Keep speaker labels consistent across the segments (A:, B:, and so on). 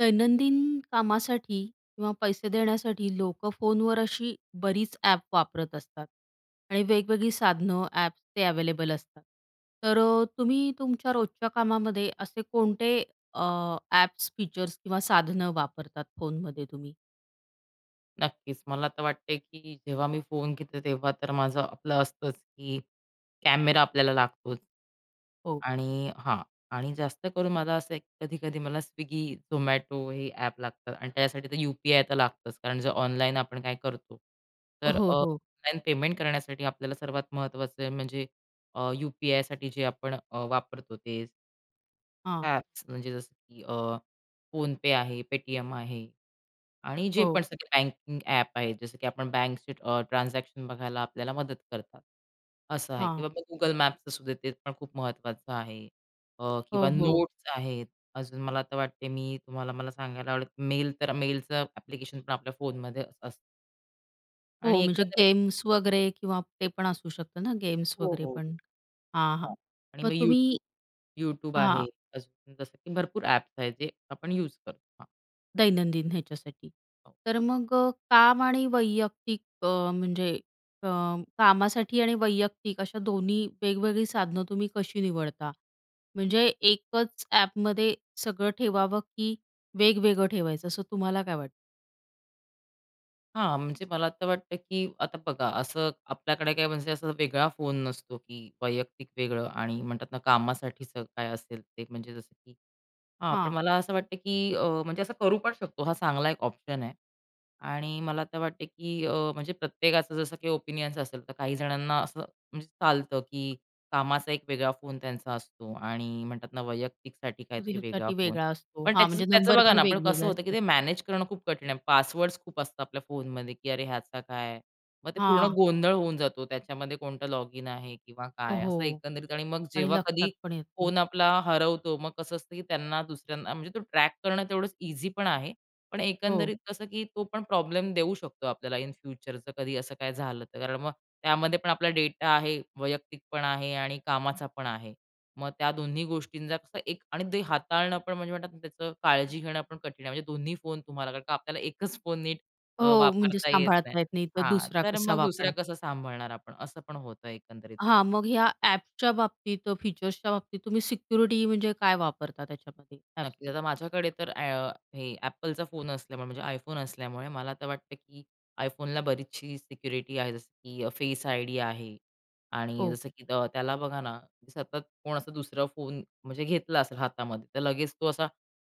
A: दैनंदिन कामासाठी किंवा पैसे देण्यासाठी लोकं फोनवर अशी बरीच ॲप वापरत असतात आणि वेगवेगळी साधनं, ॲप्स ते अव्हेलेबल असतात. तर अ, तुम्ही तुमच्या रोजच्या कामामध्ये असे कोणते अ, ॲप्स, फीचर्स किंवा साधनं वापरतात फोनमध्ये तुम्ही?
B: नक्कीच, मला तर वाटते की जेव्हा मी फोन घेतो, तेव्हा तर माझं, आपलं असतंच की कॅमेरा आपल्याला लागतोच.
A: हो.
B: आणि हां, आणि जास्त करून मला असं कधी-कधी मला Swiggy, Zomato हे ॲप लागतात. आणि त्याच्यासाठी तर यू.पी.आय. तर लागतंच. कारण जर ऑनलाईन आपण काय करतो, तर
A: हो.
B: अ,
A: हो.
B: ऑनलाईन पेमेंट करण्यासाठी आपल्याला सर्वात महत्त्वाचं म्हणजे अ, यू-पी-आय. साठी जे अ, आपण वापरतो ते
A: हां.
B: ॲप्स म्हणजे जसं की, अ, PhonePe आहे, Paytm आहे आणि जे
A: हो.
B: पण सगळे बँकिंग ॲप आहेत, जसं की आपण बँकची ट्रान्झॅक्शन बघायला आपल्याला मदत करतात, असं आहे, किंवा
A: हां.
B: मग Google Mapsचं सुद्धा ते पण खूप महत्त्वाचं आहे, अ,
A: हो.
B: किंवा
A: हो.
B: Notes आहेत. अजून मला तर वाटते, मी तुम्हाला मला सांगायला आवडेल मेल तर मेलचं ॲप्लिकेशन पण आपल्या फोनमध्ये असतं.
A: हो.
B: आणि
A: म्हणजे
B: एकंदरीत
A: गेम्स वगैरे किंवा ते पण असू शकतं ना गेम्स
B: हो,
A: वगैरे
B: हो.
A: पण. हां, हां,
B: हां आणि
A: मग
B: मग
A: तुम्ही
B: यूट्यूब यूट्यूब आहे.
A: हां.
B: जसं की भरपूर ॲप्स आहेत, जे आपण यूज करतो, हां.
A: दैनंदिन ह्याच्यासाठी.
B: हो,
A: तर मग काम आणि वैयक्तिक अ, म्हणजे अ, कामासाठी आणि वैयक्तिक अशा दोन्ही वेगवेगळी साधनं तुम्ही कशी निवडता? म्हणजे एकच एपमध्ये सगळं ठेवावं की वेगवेगळं ठेवायचं असं तुम्हाला काय वाटतं?
B: हां, म्हणजे मला तर वाटतं, की आता बघा, असं आपल्याकडे काय म्हणजे असा वेगळा फोन नसतो, की वैयक्तिक वेगळं आणि म्हणतात ना कामासाठीचं स काय असेल ते. म्हणजे जसं की हां, पण
A: हां.
B: मला असं वाटतं की अ, म्हणजे असं करू पण शकतो. हा चांगला एक ऑप्शन आहे आणि मला तर वाटते की अ, म्हणजे प्रत्येकाचं जसं काही ओपिनियन्स असेल तर काही जणांना असं म्हणजे चालतं की कामाचा एक वेगळा फोन त्यांचा असतो आणि म्हणतात ना वैयक्तिकसाठी काहीतरी
A: [unintelligible]
B: वेगळा
A: साठी
B: फोन.
A: वेगळा असतो.
B: पण
A: हां,
B: त्याचं
A: म्हणजे
B: त्याचं
A: नंबर
B: बघा
A: पण
B: ना पण कसं
A: वेगवेगळे
B: होतं की
A: असतात.
B: ते मॅनेज करणं खूप कठीण आहे, पासवर्ड्स खूप असतात आपल्या फोनमध्ये, की अरे ह्याचा काय? मग ते पूर्ण
A: हां.
B: गोंधळ होऊन जातो त्याच्यामध्ये कोणतं लॉगिन आहे किंवा काय? असं
A: हो
B: एकंदरीत आणि मग
A: आणि
B: जेव्हा कधी
A: लक्षात पण येत नाही.
B: फोन आपला हरवतो. मग कसं असतं की त्यांना दुसऱ्यांना म्हणजे तो ट्रॅक करणं तेवढंच इझी पण आहे. पण
A: हो.
B: एकंदरीत कसं की तो पण प्रॉब्लेम देऊ शकतो. आपल्याला इन फ्युचर जर कधी असं काही झालं तर कारण मग त्यामध्ये पण आपला डेटा आहे, वैयक्तिक पण आहे आणि कामाचा पण आहे. मग त्या दोन्ही गोष्टींचा कसं एक आणि ते हाताळणं पण म्हणजे म्हणतात ना त्याचं काळजी घेणं पण कठीण आहे. म्हणजे दोन्ही फोन तुम्हाला. कारण का आपल्याला एकच फोन नीट अ,
A: हो, म्हणजे
B: वापरता येत नाही.
A: सांभाळता येत नाही, तर
B: हां,
A: दुसरा
B: तर
A: कसा
B: मग दुसऱ्या
A: वापरणार?
B: कसं सांभाळणार आपण? असं पण होतं एकंदरीत.
A: हां, मग ह्या ॲप्सच्या बाबतीत फीचर्सच्या बाबतीत तुम्ही सिक्युरिटी म्हणजे काय वापरता त्याच्यामध्ये
B: नक्कीच,
A: ॲप्समध्ये?
B: आता माझ्याकडे तर अ, हे एपलचा फोन असल्यामुळे, म्हणजे iPhone असल्यामुळे, मला तर वाटतं की iPhoneला बरीचशी सिक्युरिटी आहे. जसं की फेस आयडी आहे आणि
A: ओ.
B: जसं की त्याला बघा ना, सतत कोण असा दुसरा फोन म्हणजे घेतला असेल हातामध्ये, तर लगेच तो असा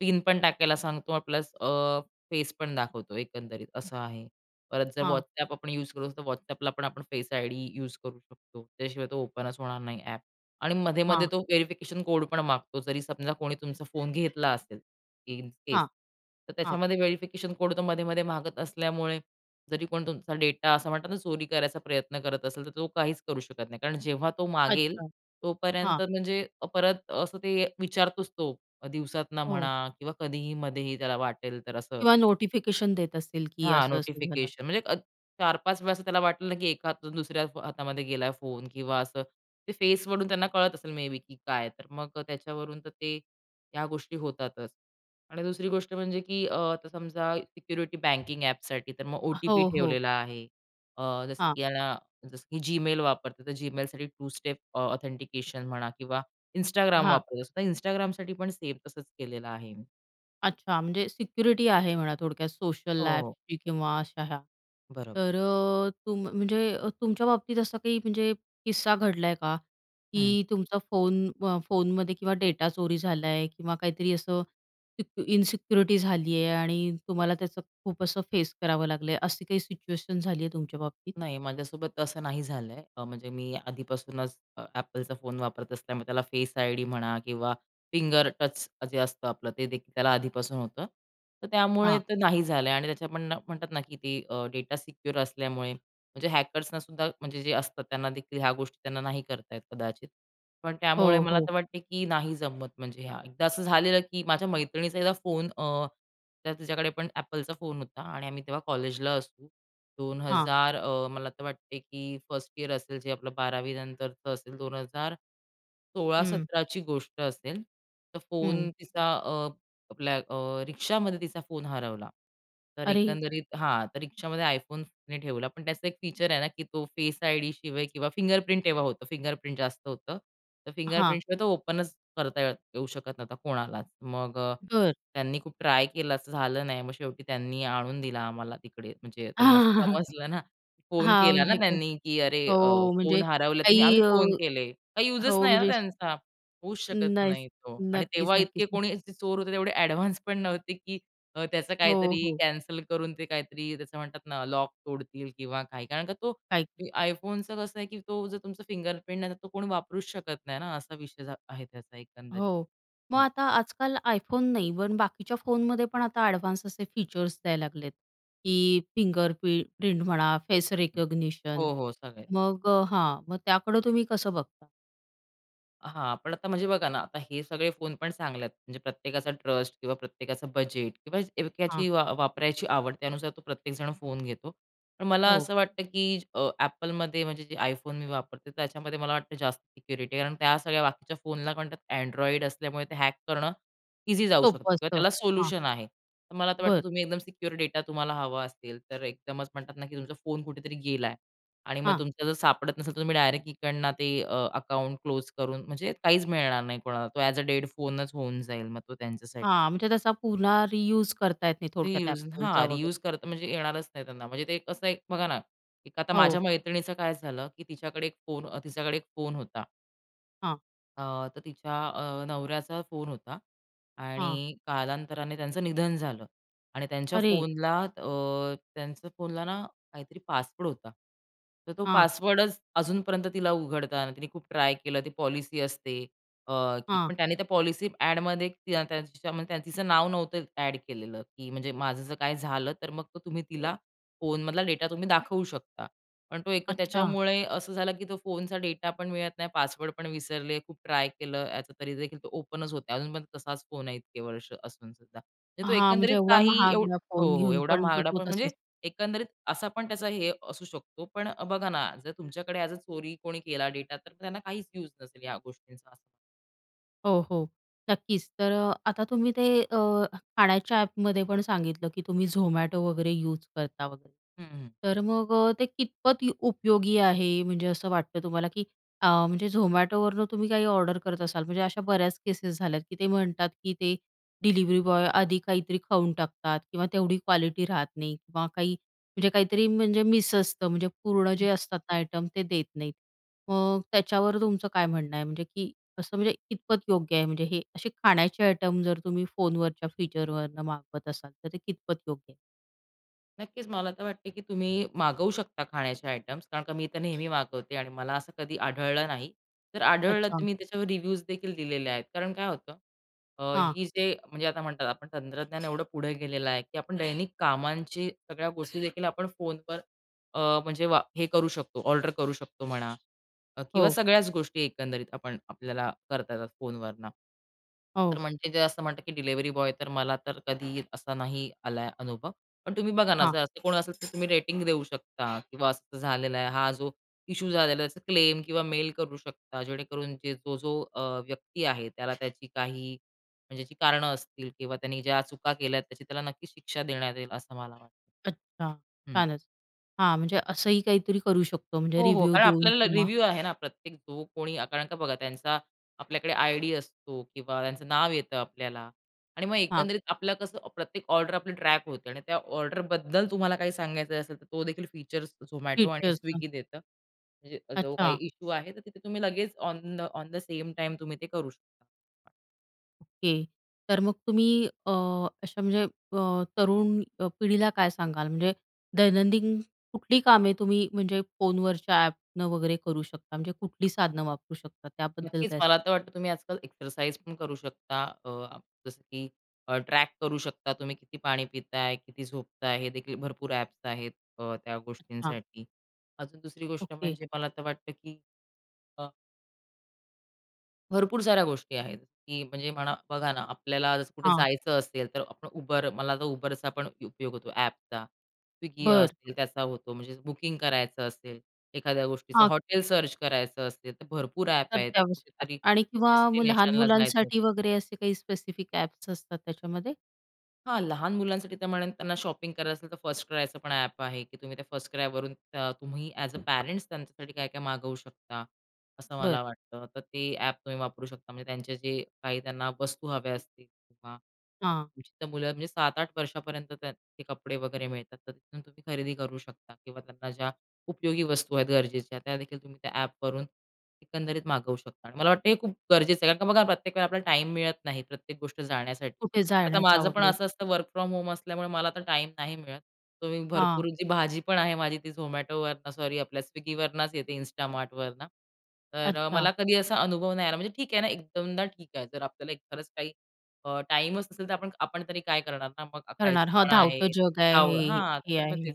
B: पिन पण टाकायला सांगतो प्लस अ, फेस पण दाखवतो, एकंदरीत असं आहे. परत जर
A: हां.
B: व्हॉट्सअप आपण यूज करू तर व्हॉट्सअपला पण आपण फेस आयडी युज करू शकतो. त्याशिवाय तो ओपनच होणार नाही ॲप आणि मधेमध्ये
A: हां.
B: तो व्हेरिफिकेशन कोड पण मागतो. जरी समजा कोणी तुमचा फोन घेतला असेल इन केस
A: हां,
B: तर
A: हां.
B: त्याच्यामध्ये व्हेरिफिकेशन कोड मधेमधे मागत असल्यामुळे जरी कोण तुमचा डेटा असा म्हणत ना, चोरी करायचा प्रयत्न करत असेल, तर तो काहीच करू शकत नाही. कारण जेव्हा तो मागेल.
A: अच्छा! हां.
B: तोपर्यंत म्हणजे परत असं ते विचारतोच तो दिवसातनं म्हणा
A: हो.
B: किंवा कधीही मध्येही त्याला वाटेल तर असं.
A: किंवा नोटिफिकेशन देत असतील की
B: हां,
A: असं-असं झालं.
B: नोटिफिकेशन म्हणजे अ 4-5 वेळा असं त्याला वाटलं ना की एका हातातून दुसऱ्या हातामध्ये गेला फोन किंवा असं, ते फेसवरून त्यांना कळत असेल मेबी की काय तर मग त्याच्यावरून तर ते त्या गोष्टी होतातच आणि दुसरी गोष्ट म्हणजे की अ, आता समजा सिक्युरिटी बँकिंग एपसाठी तर मग ओ. टी. पी.
A: हो, हो.
B: ठेवलेला आहे. अ, जसं
A: हां.
B: की याला जसं की जीमेल वापरते तर जीमेलसाठी टू स्टेप अ, ऑथेंटिकेशन म्हणा किंवा Instagram
A: हां.
B: वापरतो तर Instagramसाठी पण सेम तसंच केलेलं आहे.
A: अच्छा, म्हणजे सिक्युरिटी आहे म्हणा थोडक्यात
B: हो,
A: सोशल
B: हो.
A: ॲपची किंवा अशा ह्या.
B: बरोबर.
A: तर अ, तुम म्हणजे अ, तुमच्या बाबतीत असं काही म्हणजे किस्सा घडलाय का
B: हं.
A: की तुमचा फोन म फोनमध्ये किंवा डेटा चोरी झालाय आहे किंवा काहीतरी असं सिक इन्सिक्युरिटी झाली आहे आणि तुम्हाला त्याचं खूप असं फेस करावं लागलं आहे अशी काही सिच्युएशन झाली आहे तुमच्या बाबतीत?
B: नाही माझ्यासोबत तसं नाही झालं आहे. अ, म्हणजे मी आधीपासूनच अ, Appleचा फोन वापरत असल्यामुळे त्याला फेस आय-डी म्हणा किंवा फिंगर टच जे असतं आपलं ते देखील त्याला आधीपासून होतं. तर त्यामुळे
A: हां.
B: तर नाही झालं आणि त्याच्या पण ना म्हणतात ना की ते अ, डेटा सिक्युअर असल्यामुळे. म्हणजे हॅकर्सनासुद्धा म्हणजे जे असतात त्यांना देखील ह्या गोष्टी त्यांना नाही करतायेत कदाचित. पण त्यामुळे
A: हो,
B: मला
A: हो.
B: तर वाटते की नाही जमत म्हणजे हां. एकदा असं झालेलं की माझ्या मैत्रिणीचा एकदा फोन अ, त्यात तिज्या कडे पण Appleचा फोन होता आणि आम्ही तेव्हा कॉलेजला असू. दोन
A: हां.
B: हजार अ, मला तर वाटते की फर्स्ट इयर असेल जे आपलं बारावीनंतरचं असेल 2000 सोळा
A: हं.
B: सतरा ची गोष्ट असेल. तर
A: हं.
B: फोन तिचा अ, आपल्या अ, रिक्षामध्ये तिचा फोन हरवला. तर
A: अरे!
B: एकंदरीत हां, तर रिक्षामध्ये iPhone तिने ठेवला. पण त्याचा एक फीचर आहे ना की तो फेस आय-डी शिवाय किंवा फिंगरप्रिंट तेव्हा होतं फिंगरप्रिंट जास्त होतं. तर
A: हां.
B: फिंगरप्रिंटशिवाय तो ओपन करता येऊ शकत नव्हता कोणालाच. मग अ,
A: बरं.
B: त्यांनी खूप ट्राय केलं असं झालं नाही, मग शेवटी त्यांनी आणून दिला आम्हाला तिकडे. म्हणजे त्यांना समजलं ना. फोन
A: हां,
B: केला ना
A: म्हणजे काय.
B: त्यांनी की अरे! अ,
A: हो,
B: फोन
A: म्हणजे
B: हरवला तिने आम्ही
A: काही अ
B: फोन केले. काही युजच
A: हो,
B: नाही आहे ना
A: म्हणजे
B: त्यांचा. होऊच शकत
A: नाहीच,
B: नाही तो आणि
A: नक्कीच,
B: तेव्हा इतके
A: नक्कीच.
B: कोणी च चोर होते एवढे ॲडव्हान्स पण नव्हते की अ, त्याचं
A: हो,
B: काहीतरी
A: हो.
B: कॅन्सल करून ते काहीतरी त्याचं म्हणतात ना लॉक तोडतील किंवा काही, कारण का तो
A: काहीच.
B: ते iPhoneचं कसं आहे की तो जर तुमचं फिंगरप्रिंट नाही तर तो कोणी वापरूच शकत नाही ना, असा विषय झा आहे त्याचा एकंदरीत.
A: हो, मग
B: हो.
A: आता आजकाल iPhone नाही इव्हन बाकीच्या फोनमध्ये पण आता ॲडव्हान्स असे फीचर्स द्यायला लागलेत की फिंगर प्रि प्रिंट म्हणा, फेस रिकॉग्निशन
B: हो, हो, सगळे.
A: मग अ हां, मग त्याकडं तुम्ही कसं बघता?
B: हां, पण आता म्हणजे बघा ना, आता हे सगळे फोन पण चांगले आहेत. म्हणजे प्रत्येकाचा ट्रस्ट किंवा प्रत्येकाचं बजेट किंवा
A: हां.
B: एवक्यातली वा वापरायची आवड, त्यानुसार तो प्रत्येकजण फोन घेतो. पण मला
A: हो.
B: असं वाटतं की अ, Apple मध्ये म्हणजे जे iPhone मी वापरते तर त्याच्यामध्ये मला वाटतं जास्त सिक्युरिटी आहे. कारण त्या सगळ्या बाकीच्या फोनला काय म्हणतात Android असल्यामुळे ते हॅक करणं इझी जाऊ शकतं
A: सोपं
B: किंवा
A: असतं,
B: त्याला
A: हां.
B: सोल्युशन आहे. तर मला तर वाटतं
A: बरं.
B: तुम्ही एकदम सिक्युअर डेटा तुम्हाला हवा असेल तर एकदमच म्हणतात ना, की तुमचा फोन कुठेतरी गेला आहे आणि मग
A: हां.
B: तुमचं जर सापडत नसेल तर तुम्ही डायरेक्ट इकडनं ते अ, अकाउंट क्लोज करून म्हणजे काहीच मिळणार नाही कोणाला तो ॲज अ डेड फोनचं होऊन जाईल मग तो त्यांच्यासाठी.
A: हां, म्हणजे तसा पुन्हा रियूज करता येत नाही थोडक्यात
B: रियुज
A: Appleचा
B: हां, रियुज
A: वगैरे.
B: करता म्हणजे येणारच नाही त्यांना. म्हणजे ते एक असं एक बघा ना, एक आता
A: हो.
B: माझ्या मैत्रिणीचं काय झालं की तिच्याकडे एक फोन अ, तिच्याकडे एक फोन होता.
A: हां.
B: अ, तर तिच्या अ, नवऱ्याचा फोन होता.
A: हां.
B: आणि कालांतराने त्यांचं निधन झालं. आणि त्यांच्या
A: अरे!
B: फोनला अ, त्यांचं फोनला ना काहीतरी पासवर्ड होता. तर तो
A: हां.
B: पासवर्डच अजूनपर्यंत तिला उघडता आला नाही, तिने खूप ट्राय केलं ती पॉलिसी असते अ, की
A: हां.
B: पण त्याने त्या पॉलिसी ॲडमध्ये [unintelligible] त्याच्यामध्ये तिचं नाव नव्हतं ॲड केलेलं, की म्हणजे माझं जर काही झालं तर मग तो तुम्ही तिला फोनमधला डेटा तुम्ही दाखवू शकता. पण तो एक
A: अच्छा!
B: त्याच्यामुळे असं झालं की तो फोनचा डेटा पण मिळत नाही, पासवर्ड पण विसरले, खूप ट्राय केलं याचं तरीदेखील तो ओपनच होत नाही. अजून पण तसाच फोन आहे इतके वर्ष असूनसुद्धा. तो
A: हां, म्हणजे
B: एकंदरीत
A: एवढा
B: काही एव
A: महागडा फोन
B: हो, हो,
A: घेऊन
B: एवढा
A: पण तो
B: महागडा
A: तो
B: फोन
A: तसाचं.
B: म्हणजे एकंदरीत असा पण त्याचा हे असू शकतो पण बघा ना, जर तुमच्याकडे ॲज अ चोरी कोणी केला डेटा तर त्यांना काहीच यूज नसेल या गोष्टींचा असं.
A: हो, हो. नक्कीच. तर अ, आता तुम्ही ते अ, खाण्याच्या ॲपमध्ये पण सांगितलं की तुम्ही Zomato वगैरे युज करता वगैरे.
B: हं, हं.
A: तर मग अ, ते कितपत य उपयोगी आहे म्हणजे असं वाटतं तुम्हाला? की अ, म्हणजे Zomato वरनं तुम्ही काही ऑर्डर करत असाल, म्हणजे अशा बऱ्याच केसेस झाल्यात की ते म्हणतात की ते डिलिवरी बॉय आधी काहीतरी खाऊन टाकतात किंवा तेवढी क्वालिटी राहत नाही किंवा काही, म्हणजे काहीतरी म्हणजे मिस असतं म्हणजे पूर्ण
B: हं.
A: जे असतात ना आयटम, ते देत नाहीत. मग त्याच्यावर तुमचं काय म्हणणं आहे? म्हणजे की असं म्हणजे कितपत योग्य आहे? म्हणजे हे असे खाण्याचे आयटम जर तुम्ही फोनवरच्या फीचरवरनं मागवत असाल तर ते कितपत योग्य आहे?
B: नक्कीच. मला तर वाटते की तुम्ही मागवू शकता खाण्याचे आयटम्स कारण का मी तर नेहमी मागवते आणि मला असं कधी आढळलं नाही. जर आढळलं तर
A: अच्छा.
B: मी त्याच्यावर रिव्ह्यूज देखील दिलेले आहेत. कारण काय होतं अ,
A: हां.
B: ही जे म्हणजे आता म्हणतात आपण तंत्रज्ञान एवढं पुढे गेलेलं आहे की आपण दैनिक कामांची सगळ्या गोष्टी देखील आपण फोनवर अ, म्हणजे वा हे करू शकतो ऑर्डर करू शकतो म्हणा किंवा
A: हो.
B: सगळ्याच गोष्टी एकंदरीत आपण आपल्याला करता येतात फोनवरनं. तर
A: हो.
B: म्हणजे जे असं म्हणतात की डिलिव्हरी बॉय तर, मला तर कधी असा नाही आलाय अनुभव. पण तुम्ही बघा ना,
A: हां.
B: जर असं कोण असेल तर तुम्ही रेटिंग देऊ शकता किंवा असं झालेलं आहे हा जो इश्शू झालेला आहे त्याचा क्लेम किंवा मेल करू शकता जेणेकरून जे तो जो अ, व्यक्ती आहे त्याला त्याची काही म्हणजे जी कारणं असतील किंवा त्याने ज्या चुका केल्यात त्याची त्याला नक्कीच शिक्षा देण्यात येईल असं मला वाटतं.
A: अच्छा,
B: हम्म.
A: छानच. हां, म्हणजे असंही काहीतरी करू शकतो म्हणजे
B: हो, हो,
A: रिव्ह्यू
B: कारण
A: देऊन
B: आपल्याला
A: किंवा
B: रिव्ह्यू आहे ना, प्रत्येक जो कोणी कारण का बघा त्यांचा आपल्याकडे आय-डी असतो किंवा त्यांचं नाव येतं आपल्याला आणि मग
A: हां.
B: एकंदरीत आपलं कसं प्रत्येक ऑर्डर आपली ट्रॅक होते आणि त्या ऑर्डरबद्दल तुम्हाला काही सांगायचं असेल तर तो देखील फीचर्स Zomato आणि
A: फीचर्सच, हं.
B: Swiggy देतं. म्हणजे जो काही
A: अच्छा.
B: इश्शू आहे तर तिथे तुम्ही लगेच on the on the same time तुम्ही ते करू शकता.
A: ओके, तर मग तुम्ही अ, अशा म्हणजे अ, तरुण अ, पिढीला काय सांगाल? म्हणजे दैनंदिन कुठली कामे तुम्ही म्हणजे फोनवरच्या ॲपनं वगैरे करू शकता? म्हणजे कुठली साधनं वापरू शकता त्याबद्दल
B: नक्कीच,
A: काय
B: मला तर वाटतं तुम्ही आजकाल एक्सरसाइज पण करू शकता. अ, जसं, की अ, ट्रॅक करू शकता, तुम्ही किती पाणी पिताय, किती झोपताय, हे देखील भरपूर ॲप्स आहेत अ, त्या
A: अच्छा.
B: गोष्टींसाठी. अजून दुसरी गोष्ट
A: ओके.
B: म्हणजे मला तर वाटतं, की अ भरपूर साऱ्या गोष्टी आहेत, की म्हणजे म्हणा बघा ना, आपल्याला जसं कुठे
A: हां.
B: जायचं असेल, तर आपण Uber मला आता Uberचा पण उपयोग होतो, ॲपचा. स्विग्गी
A: बरं.
B: असेल त्याचा होतो. म्हणजे बुकिंग करायचं असेल, एखाद्या गोष्टीचं,
A: हां.
B: हॉटेल सर्च करायचं असेल, तर भरपूर ॲप
A: तर
B: आहेत.
A: त्यावेळेस का
B: कुठेतरी
A: आणि किंवा लहान
B: डेस्टिनेशनला जायचं आहे
A: मुलांसाठी
B: तर.
A: वगैरे असे काही स्पेसिफिक ॲप्स असतात त्याच्यामध्ये?
B: हां, लहान मुलांसाठी तर म्हणेन, त्यांना शॉपिंग करायचं असेल तर फर्स्ट क्रायचं पण ॲप आहे, की तुम्ही त्या फर्स्ट क्रायवरून अ, तुम्ही एज अ, पॅरेंट्स त्यांच्यासाठी काय-काय मागवू शकता, असं
A: बरं.
B: मला वाटतं. तर ते ॲप तुम्ही वापरू शकता. म्हणजे त्यांचे जे काही त्यांना वस्तू हव्या असतील किंवा अ,
A: हां.
B: तुमची मुलं म्हणजे 7-8 वर्षापर्यंत त्याचे कपडे वगैरे मिळतात. तर तिथून तुम्ही खरेदी करू शकता किंवा त्यांना ज्या उपयोगी वस्तू आहेत गरजेच्या, त्यादेखील तुम्ही त्या ॲपवरून एकंदरीत मागवू शकता आणि मला वाटतं हे खूप गरजेचं आहे. कारण का बघा, प्रत्येक वेळेला आपल्याला टाईम मिळत नाही, प्रत्येक गोष्ट जाण्यासाठी.
A: कुठे
B: आता
A: जाण्याचा
B: माझं पण
A: वगैरे?
B: असं असतं, वर्क फ्रॉम होम असल्यामुळे मला आता टाईम नाही मिळत. तुम्ही भरपूर
A: हां.
B: जी भाजी पण आहे, माझी ती झोमॅटोवरनं सॉरी आपल्या स्विग्गीवरनच येते इन्स्टा मार्टवरनं. तर
A: अच्छा.
B: मला कधी असा अनुभव नाही आला, म्हणजे ठीक आहे ना एकदोनदा ठीक आहे. तर आपल्याला एक खरंच काही अ, टाइमच नसेल तर, आपण आपण तरी काय करणार ना? मग
A: करणार,
B: खायचं
A: हा
B: पण
A: धावतं
B: आहे.
A: जग आहे
B: आव
A: हे.
B: हां.
A: हे हे
B: तर मग तेच.
A: आहे.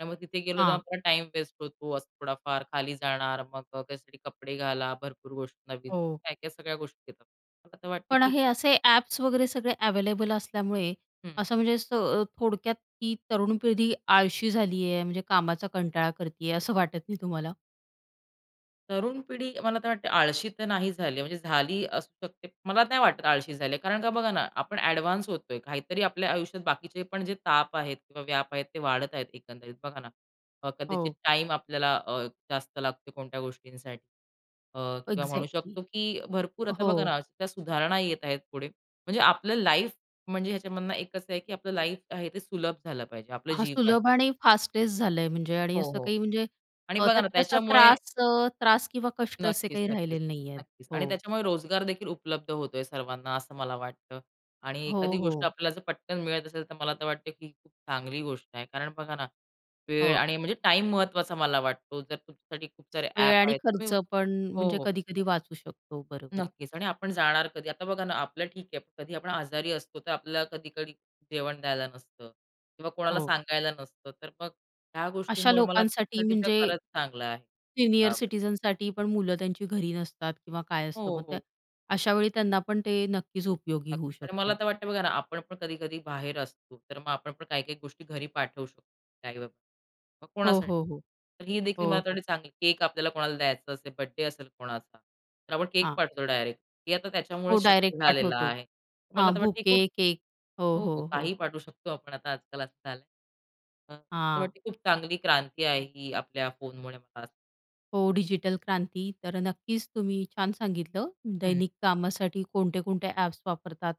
B: तर मग तिथे गेलो
A: हां.
B: तर टाईम वेस्ट होतो, असं थोडाफार खाली जाणार मग त्यासाठी कपडे घाला भरपूर गोष्टी नवीन
A: हो.
B: काय-काय सगळ्या गोष्टी येतात. मला तर वाटतं
A: पण
B: की
A: हे असे ॲप्स वगैरे सगळे अवेलेबल असल्यामुळे,
B: हं.
A: असं म्हणजे स थोडक्यात ती तरुण पिढी आळशी झाली आहे. म्हणजे कामाचा कंटाळा करती आहे. असं वाटत नाही तुम्हाला?
B: तरुण पिढी मला तर वाटते आळशी तर नाही झाली आहे म्हणजे झाली असू शकते. मला नाही वाटत आळशी झाली आहे कारण का बघा ना आपण ॲडव्हान्स होतोय काहीतरी आपल्या आयुष्यात बाकीचे पण जे ताप आहेत किंवा व्याप आहेत ते वाढत आहेत एकंदरीत बघा ना. अ, कदाचित
A: हो.
B: टाईम आपल्याला अ, जास्त लागते कोणत्या गोष्टींसाठी. अ, किंवा म्हणू
A: इक्झॅक्टली.
B: शकतो की भरपूर आता बघा
A: हो.
B: ना त्या सुधारणा येत आहेत पुढे. म्हणजे आपलं लाईफ म्हणजे ह्याच्यामधनं एकच असं आहे की आपलं लाईफ आहे ते सुलभ झालं पाहिजे, आपलं
A: हां
B: जीवन.
A: सुलभ आणि फास्टेस्ट झालंय म्हणजे आणि
B: हो,
A: असं
B: हो.
A: काही म्हणजे
B: आणि
A: अ,
B: बघा
A: त्यात
B: ना
A: तसा
B: त्याच्यामुळे
A: त्रास अ त्रास किंवा कष्ट असे
B: नक्कीच,
A: काही
B: नक्कीच.
A: राहिलेले नाहीयेत.
B: नक्कीच. आणि
A: हो.
B: त्याच्यामुळे रोजगार देखील उपलब्ध होतोय सर्वांना असं मला वाटतं. आणि
A: हो,
B: एखादी गोष्ट
A: हो.
B: आपल्याला जर पटकन मिळत असेल तर मला तर वाटतं की ही खूप चांगली गोष्ट आहे कारण बघा ना वेळ
A: हो.
B: आणि म्हणजे टाईम महत्त्वाचा मला वाटतो जर तुमच्यासाठी खूप सारे
A: वेळ
B: ॲप
A: आणि
B: आहेत
A: खर्च
B: [unintelligible]
A: पण,
B: हो,
A: म्हणजे
B: हो.
A: कधी-कधी वाचू शकतो. बरोबर आहे.
B: नक्कीच. आणि आपण जाणार कधी आता बघा ना आपलं ठीक आहे, कधी आपण आजारी असतो तर आपल्याला कधी-कधी जेवण द्यायला नसतं. किंवा कोणाला
A: हो.
B: सांगायला नसतं, तर मग ह्या
A: अशा
B: गोष्टींमुळे मला तर
A: लोकांसाठी
B: तिथ
A: म्हणजे
B: खरंच चांगलं आहे
A: सीनियर
B: लाभ
A: सिटिझनसाठी पण मुलं त्यांची घरी नसतात किंवा काय असतं
B: हो,
A: मग त्या
B: हो.
A: अशावेळी त्यांना पण ते नक्कीच उपयोगी
B: नक्क
A: होऊ
B: आणि मला
A: शकतं.
B: तर वाटतंय बघा ना आपण पण कधी-कधी बाहेर असतो. तर मग आपण पण काही-काही गोष्टी घरी पाठवू शकतो. [unintelligible] मग
A: हो,
B: कोणासाठी?
A: हो, हो.
B: तर ही देखील
A: हो,
B: मला त
A: हो.
B: वाटते चांगली केक आपल्याला कोणाला द्यायचं असेल, बर्थडे असेल कोणाचा. तर आपण केक
A: हां.
B: पाठवतो डायरेक्ट. हे आता त्याच्यामुळे
A: हो
B: शक्य
A: डायरेक्ट
B: झालेलं
A: पाठवतो.
B: आहे. तर मला
A: हां
B: आता वाटतं ही
A: बुके,
B: खूप
A: केक. हो,
B: हो, हो.
A: हो, हो.
B: काही पाठवू शकतो आपण आता आजकाल असं झालंय. तर मला तर
A: हां.
B: वाटते खूप चांगली क्रांती आहे ही आपल्या फोन मुळे मला असं
A: हो डिजिटल क्रांती. तर अ, नक्कीच तुम्ही छान सांगितलं.
B: हं.
A: दैनिक कामासाठी कोणते-कोणते ॲप्स वापरतात.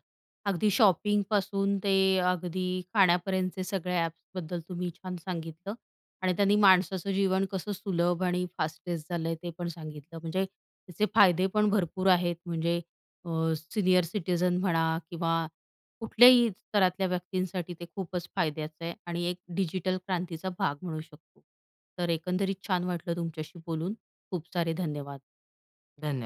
A: अगदी शॉपिंग पासून ते अगदी खाण्यापर्यंतचे सगळे ॲप्सबद्दल तुम्ही छान सांगितलं. आणि त्यांनी माणसाचं जीवन कसं सुलभ आणि फास्टेस्ट झालं ते पण सांगितलं म्हणजे, त्याचे फायदे पण भरपूर आहेत म्हणजे. अ, सीनियर सिटिझन म्हणा किंवा, कुठल्याही स्तरातल्या व्यक्तींसाठी ते खूपच फायद्याचं आहे आणि एक डिजिटल क्रांतीचा भाग म्हणू शकतो. तर एकंदरीत छान वाटलं तुमच्याशी बोलून. खूप सारे धन्यवाद.
B: धन्य